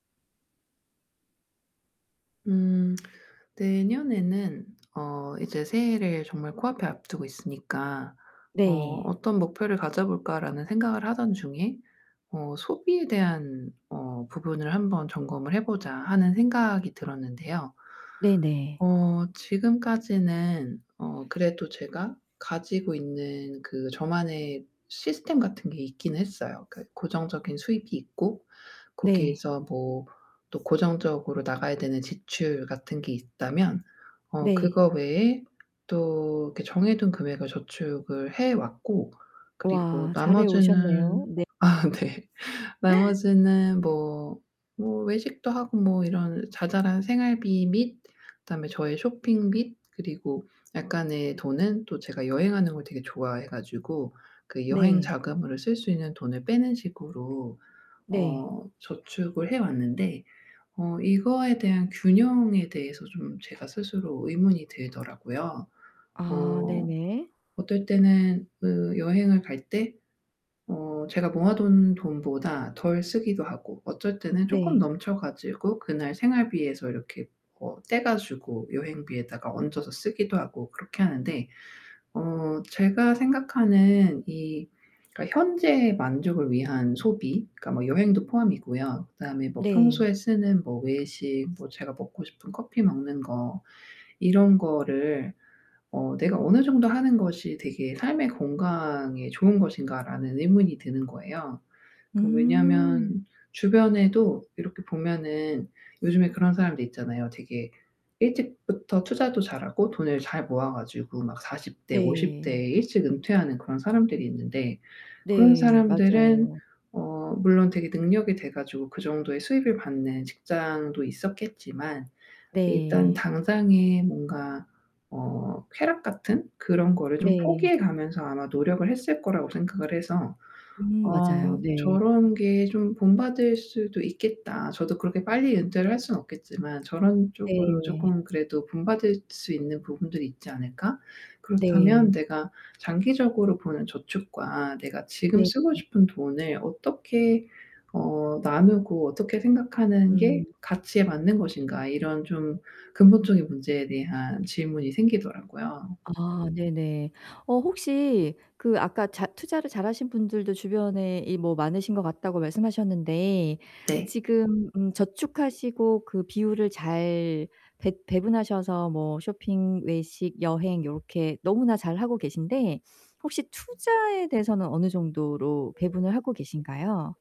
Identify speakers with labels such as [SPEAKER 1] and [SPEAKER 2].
[SPEAKER 1] 음 내년에는 어 이제 새해를 정말 코앞에 앞두고 있으니까 어
[SPEAKER 2] 네.
[SPEAKER 1] '어떤 목표를 가져 볼까?'라는 생각을 하던 중에 어 '소비에 대한 어 부분을 한번 점검을 해 보자.' 하는 생각이 들었는데요.
[SPEAKER 2] 네네.
[SPEAKER 1] 어 지금까지는 어 그래도 제가 가지고 있는 그 저만의 시스템 같은 게 있긴 했어요. 그 고정적인 수익이 있고
[SPEAKER 2] 네.
[SPEAKER 1] 거기에서 뭐 또 고정적으로 나가야 되는 지출 같은 게 있다면 어
[SPEAKER 2] 네.
[SPEAKER 1] 그거 외에 또 이렇게 정해둔 금액을 저축을 해 왔고 그리고
[SPEAKER 2] 와 잘해 오셨네요.
[SPEAKER 1] 나머지는
[SPEAKER 2] 네.
[SPEAKER 1] 아 네. 나머지는 뭐 뭐 외식도 하고 뭐 이런 자잘한 생활비 및 다음에 저의 쇼핑 및 그리고 약간의 돈은 또 제가 여행하는 걸 되게 좋아해 가지고 그 여행
[SPEAKER 2] 네.
[SPEAKER 1] 자금으로 쓸 수 있는 돈을 빼는 식으로
[SPEAKER 2] 네.
[SPEAKER 1] 어 저축을 해 왔는데 어 이거에 대한 균형에 대해서 좀 제가 스스로 의문이 들더라고요.
[SPEAKER 2] 아
[SPEAKER 1] 어
[SPEAKER 2] 네네.
[SPEAKER 1] 어떨 때는 그 여행을 갈 때 어 제가 모아둔 돈보다 덜 쓰기도 하고 어쩔 때는 쪼끔
[SPEAKER 2] 네.
[SPEAKER 1] 넘쳐 가지고 그날 생활비에서 이렇게 뭐 떼 가지고 여행비에다가 얹어서 쓰기도 하고 그렇게 하는데 어 제가 생각하는 이 그러니까 현재의 만족을 위한 소비 그러니까 뭐 여행도 포함이고요. 그다음에 뭐
[SPEAKER 2] 네.
[SPEAKER 1] '평소에 쓰는 뭐 외식 뭐 제가 먹고 싶은 커피 먹는 거 이런 거를 어 내가 어느 정도 하는 것이 되게 삶의 건강에 좋은 것인가?'라는 의문이 드는 거예요. 그
[SPEAKER 2] 음.
[SPEAKER 1] 왜냐면 주변에도 이렇게 보면은 요즘에 그런 사람들 있잖아요. 되게 일찍부터 투자도 잘하고 돈을 잘 모아 가지고 막 40 대 50
[SPEAKER 2] 네.
[SPEAKER 1] 대에 일찍 은퇴하는 그런 사람들이 있는데 그런
[SPEAKER 2] 네.
[SPEAKER 1] 사람들은
[SPEAKER 2] 맞아요.
[SPEAKER 1] 어 물론 되게 능력이 돼 가지고 그 정도의 수익을 받는 직장도 있었겠지만 일단
[SPEAKER 2] 네.
[SPEAKER 1] 당장에 뭔가 어 쾌락 같은 그런 거를 좀
[SPEAKER 2] 네.
[SPEAKER 1] 포기해 가면서 아마 노력을 했을 거라고 생각을 해서
[SPEAKER 2] 음
[SPEAKER 1] 어
[SPEAKER 2] 맞아요. 네. 네.
[SPEAKER 1] '저런 게 좀 본받을 수도 있겠다. 저도 그렇게 빨리 은퇴를 할 순 없겠지만 저런 쪽으로
[SPEAKER 2] 네.
[SPEAKER 1] 쪼끔 그래도 본받을 수 있는 부분들이 있지 않을까?
[SPEAKER 2] 네.
[SPEAKER 1] 그렇다면 내가 장기적으로 보는 저축과 내가 지금
[SPEAKER 2] 네.
[SPEAKER 1] 쓰고
[SPEAKER 2] 음.
[SPEAKER 1] 싶은 돈을 어떻게 어 나누고 어떻게 생각하는 게
[SPEAKER 2] 음.
[SPEAKER 1] 가치에 맞는 것인가?' 이런 좀 근본적인 문제에 대한 질문이 생기더라고요.
[SPEAKER 2] 아 네네. 어 혹시 그 아까 잘 투자를 잘하신 분들도 주변에 이 뭐 많으신 것 같다고 말씀하셨는데
[SPEAKER 1] 네.
[SPEAKER 2] 지금 음
[SPEAKER 1] [unintelligible]
[SPEAKER 2] 저축하시고 그 비율을 잘 배 배분하셔서 뭐 쇼핑, 외식, 여행 요렇게 너무나 잘하고 계신데 혹시 투자에 대해서는 어느 정도로 배분을 하고 계신가요?